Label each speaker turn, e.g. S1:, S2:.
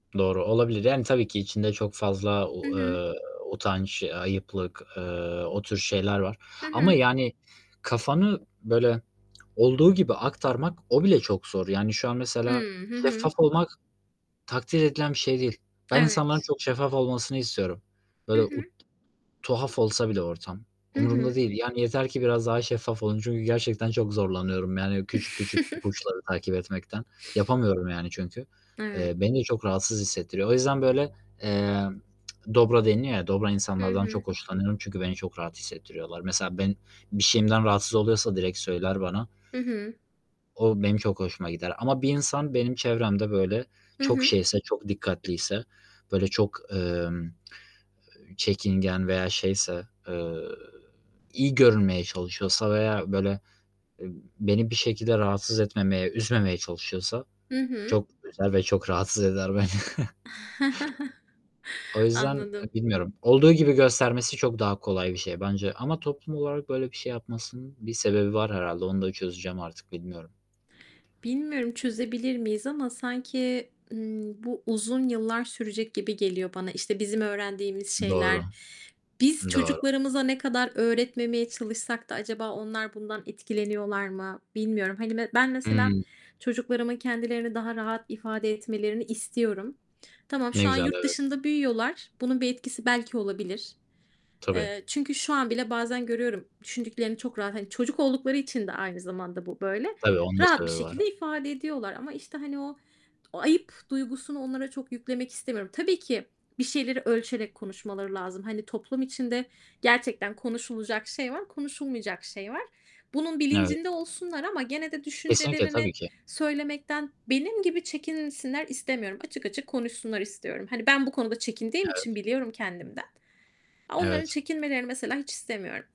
S1: Doğru olabilir, yani, tabii ki içinde çok fazla
S2: Hı
S1: o,
S2: hı.
S1: eee, utanç, a ayıplık, eee, o tür şeyler var
S2: Hı
S1: ama,
S2: hı.
S1: yani, kafanı böyle, olduğu gibi aktarmak o bile çok zor. Yani, şu an mesela
S2: Hıı, hı hı.
S1: şeffaf olmak takdir edilen bir şey değil. Ben insanların
S2: Evet.
S1: çok şeffaf olmasını istiyorum.
S2: Hı
S1: Böyle,
S2: hı.
S1: u tuhaf olsa bile ortam
S2: Hı
S1: umurumda
S2: hı.
S1: değil. Yani, yeter ki biraz daha şeffaf olun çünkü gerçekten çok zorlanıyorum, yani, küçük küçük ipuçları takip etmekten, yapamıyorum, yani, çünkü.
S2: Evet.
S1: Eee, beni de çok rahatsız hissettiriyor. O yüzden böyle, emm, dobra deniyor ya, dobra
S2: Hı
S1: insanlardan
S2: hı.
S1: çok hoşlanıyorum çünkü beni çok rahat hissettiriyorlar. Mesela ben bir şeyimden rahatsız oluyorsa direkt söyler bana.
S2: Hı hı.
S1: O benim çok hoşuma gider ama bir insan benim çevremde böyle,
S2: Hı
S1: çok
S2: hı.
S1: şeyse, çok dikkatliyse, böyle, çok, emm, eee, çekingen veya şeyse, eee, iyi görünmeye çalışıyorsa veya böyle, eee, beni bir şekilde rahatsız etmemeye, üzmemeye çalışıyorsa
S2: Hı hı.
S1: çok üzer ve çok rahatsız eder beni. O yüzden, eee,
S2: Anladım.
S1: bilmiyorum. Olduğu gibi göstermesi çok daha kolay bir şey bence ama toplum olarak böyle bir şey yapmasının bir sebebi var herhâlde, onu da çözeceğim artık bilmiyorum.
S2: Bilmiyorum, çözebilir miyiz ama sanki, ımm, bu uzun yıllar sürecek gibi geliyor bana. İşte, bizim öğrendiğimiz şeyler,
S1: Doğru.
S2: biz
S1: Doğru.
S2: çocuklarımıza ne kadar öğretmemeye çalışsak da acaba onlar bundan etkileniyorlar mı? Bilmiyorum. Hani, me ben mesela
S1: Hıı.
S2: çocuklarımın kendilerini daha rahat ifade etmelerini istiyorum. Tamam,
S1: Ne
S2: şu an
S1: güzel,
S2: yurt
S1: evet.
S2: dışında büyüyorlar, bunun bir etkisi belki olabilir.
S1: Tabii.
S2: Eee, çünkü şu an bile bazen görüyorum, düşündüklerini çok rahat, hani, çocuk oldukları için de aynı zamanda bu böyle,
S1: Tabii, onun da
S2: rahat bir
S1: sebebi var.
S2: şekilde ifade ediyorlar ama, işte, hani, o o ayıp duygusunu onlara çok yüklemek istemiyorum. Tabii ki bir şeyleri ölçerek konuşmaları lazım. Hani, toplum içinde gerçekten konuşulacak şey var, konuşulmayacak şey var. Bunun
S1: Evet.
S2: bilincinde olsunlar ama gene de
S1: Kesinlikle, tabii
S2: düşüncelerini
S1: ki.
S2: söylemekten benim gibi çekinsinler istemiyorum. Açık açık konuşsunlar istiyorum. Hani, ben bu konuda çekindiğim için
S1: Evet.
S2: biliyorum kendimden. Onların
S1: Evet.
S2: çekinmelerini mesela hiç istemiyorum.